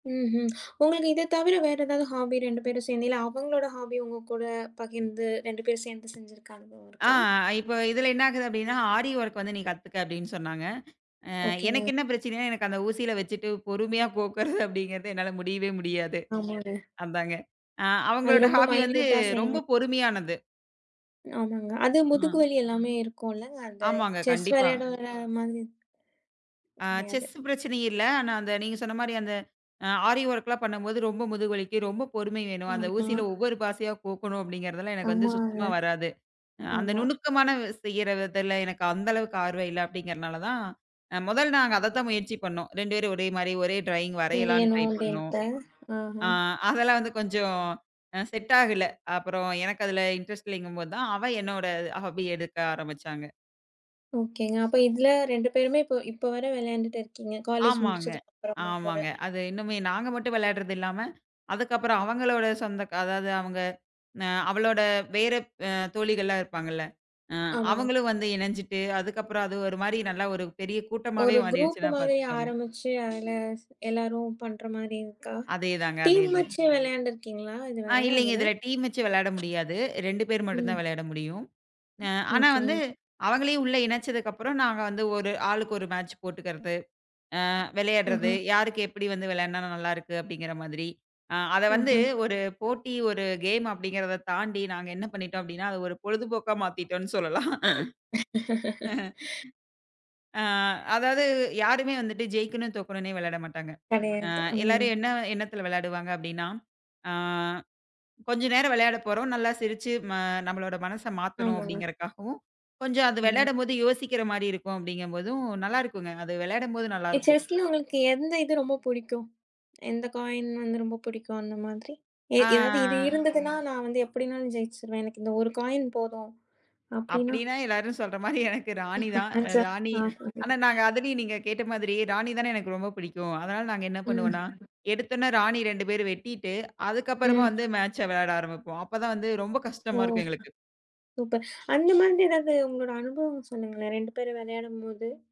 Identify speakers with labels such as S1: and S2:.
S1: ம்ஹ்ம், உங்களுக்கு இதத் தவிர வேற ஏதாது ஹாபி 2 பேரும் சேர்ந்து இல்ல அவங்ளோட ஹாப்பி உங்க கூடப் பகிர்ந்து 2 பேரு சேர்ந்து செஞ்சிருக்க அனுபவம்
S2: ஆ,
S1: இருக்கா?
S2: இப்ப இதுல என்ன ஆகுது அப்படின்னா ஆரி ஒர்க் வந்து நீ கத்துக்க அப்படின்னு சொன்னாங்க. ஆ, எனக்கு
S1: ஓகேங்க.
S2: என்ன பிரச்சினைனா, எனக்கு அந்த ஊசில வச்சிட்டு பொறுமையா கோக்ககறது அப்படிங்கிறது என்னால முடியவே முடியாது,
S1: ஆமாங்க.
S2: அதாங்க. ஆ,
S1: அது
S2: அவங்களோட
S1: ரொம்ப
S2: ஹாபி வந்து
S1: மைன்யூட்டா செய்ணும்.
S2: ரொம்ப பொறுமையானது.
S1: ஆமாங்க. அதும் முதுகு
S2: ஆ.
S1: வலி எல்லாமே இருக்கும்ல. அந்த
S2: ஆமாங்க,
S1: செஸ்
S2: கண்டிப்பா.
S1: விளையாடோர மாதிரி,
S2: ஆ,
S1: கிடையாது.
S2: செஸ்சு பிரச்சன இல்ல. ஆனா அந்த நீங்க சொன்ன மாதிரி அந்த ஆரி ஒர்க்லாம் பண்ணும்போது ரொம்ப முதுகு வலிக்கும். ரொம்ப பொறுமை வேணும். அந்த
S1: ம்,
S2: ஊசியில
S1: ம்.
S2: ஒவ்வொரு பாசியா கோக்கணு அப்படிங்கிறதுலாம் எனக்கு வந்து
S1: ஆமாங்க,
S2: சுத்தமா வராது. அந்த
S1: ஆமா.
S2: நுணுக்கமான செய்யற வித்துல எனக்கு அந்த அளவுக்கு ஆர்வம் இல்ல அப்படிங்கிறனாலதான், முதல் நாங்க அதத்தான் முயற்சி பண்ணோம். 2 பேரு ஒரே மாரி ஒரே ட்ராயிங்
S1: வேணு
S2: வரையலானுட்ரை பண்ணோம்.
S1: [unintelligible] ஆஹா.
S2: ஆ, அதெல்லா வந்து கொஞ்சம் செட் ஆகுல. அப்புறம் எனக்கு அதுல இன்ட்ரெஸ்ட் இல்லீங்கும்போதுதான் அவ என்னோட ஹாப்பி எடுக்க ஆரம்பசிச்சாங்க.
S1: ஓகேங்க. அப்ப இத்ல 2 பேருமே இப்போ இப்ப வர வெளாயாண்டுட்டு இருக்கீங்க காலேஜ்
S2: ஆமாங்க,
S1: முடிச்சதுக்கு அப்புறமும் கூட.
S2: ஆமாங்க. அது இன்னுமே நாங்க மட்டும் வெளாடுறது இல்லாம அதுக்கப்புறம் அவங்களோட சொந்தக க அதாது அவங்க, அவளோட வேற தோழிகள்லா இருப்பாங்கல. அ,
S1: ஆமாங்க.
S2: அவங்களும் வந்து இணஞ்சிட்டு அதுக்கப்புறம் அது ஒரு மாரி நல்லா ஒரு பெரிய கூட்டமாவே
S1: ஒரு குரூப்பு
S2: மாறிடுச்சுன்னா
S1: மாரி
S2: பாத்துக்கோங்க.
S1: ஆரம்பிச்சு அதுல எல்லாரும் பண்ற மாரி இருக்கா?
S2: அதே தாங்க அதே
S1: டீம்
S2: தாங்க.
S1: வச்சு வேலையாண்டு இருக்கீங்களா
S2: ஆ
S1: இதுவர
S2: இல்லீங்க
S1: அதுல?
S2: இதுல டீம் வச்சு வெளாட முடியாது. 2 பேர் மட்டும்தா
S1: ம்.
S2: விளையாட முடியும். அ ஆனா வந்து
S1: ஓகேங்க.
S2: அவங்களையும் உள்ள இணச்சதுக்கப்புறம் நாங்க வந்து ஒரு ஆளுக்கு ஒரு மேட்ச் போட்டுக்கிறது, ஆ, விளையாடுறது,
S1: ஒஹோ.
S2: யாருக்கு எப்படி வந்து விளையாடுனா நல்லா இருக்கு அப்படிங்கிற மாதிரி. அத வந்து
S1: ம்ஹ்ம்.
S2: ஒரு போட்டி, ஒரு கேம் அப்படிங்கிறத தாண்டி, நாங்க என்ன பண்ணிட்டோம் அப்படின்னா அத ஒரு பொழுதுபோக்கா மாத்திட்டோன்னு சொல்லலாம். அ அதாது யாருமே வந்துட்டு ஜெயிக்கணும், தோக்கணுனே வெளாட மாட்டாங்க. ஆ,
S1: கெடையாது, ம்.
S2: எல்லாரும் என்ன எண்ணத்துல வேளாடுவாங்க அப்படின்னா, ஆ கொஞ்ச நேர வெளையாடப்போறோம் நல்லா சிரிச்சு நம்மளோட மனச மாத்தணும்.
S1: ஆமாங்க.
S2: அப்படிங்கறக்காகவும், கொஞ்சம் அது
S1: ம்.
S2: விளையாடும்போது யோசிக்கிற மாரியு இருக்கும் அப்படிங்கிறபோதும் நல்லா இருக்குங்க. அது விளையாடும்போது நல்லா இருக்கும்.
S1: செஸ்ல உங்களுக்கு எந்த இது ரொம்ப புடிக்கும், எந்த காய்ன் வந்து ரொம்ப புடிக்கும் அந்த மாதிரி. எதாது இது
S2: ஆ.
S1: இருந்ததுன்னா நான் வந்து எப்படின்னாலும் ஜெயிச்சுருவேன். எனக்கு இந்த ஒரு காய்ன் போதும் அப்படின்னா?
S2: அப்படின்னா எல்லாரும சொல்ற மாரி எனக்கு ராணிதான், ராணி ஆனா நாங்க
S1: [unintelligible]
S2: அதுலயு நீங்கக் கேட்ட மாதிரி ராணிதானே எனக்கு ரொம்ப பிடிக்கும். அதனால நாங்க என்ன பண்ணுவோம்னா
S1: ம்.
S2: எடுத்தொனே ராணி 2 பேரும் வெட்டிட்டு அதுக்கப்புறமா
S1: ம்.
S2: வந்து மேட்ச் வெளையாட ஆரம்பிப்போம். அப்பதா வந்து ரொம்ப
S1: ஓ!
S2: கஷ்டமா இருக்கும் எங்களுக்கு.
S1: சூப்பர் அந்த மாதிரி எதாது உங்களோட அனுபவம் சொல்லுங்களேன், 2 பேரும் விளையாடும்போது,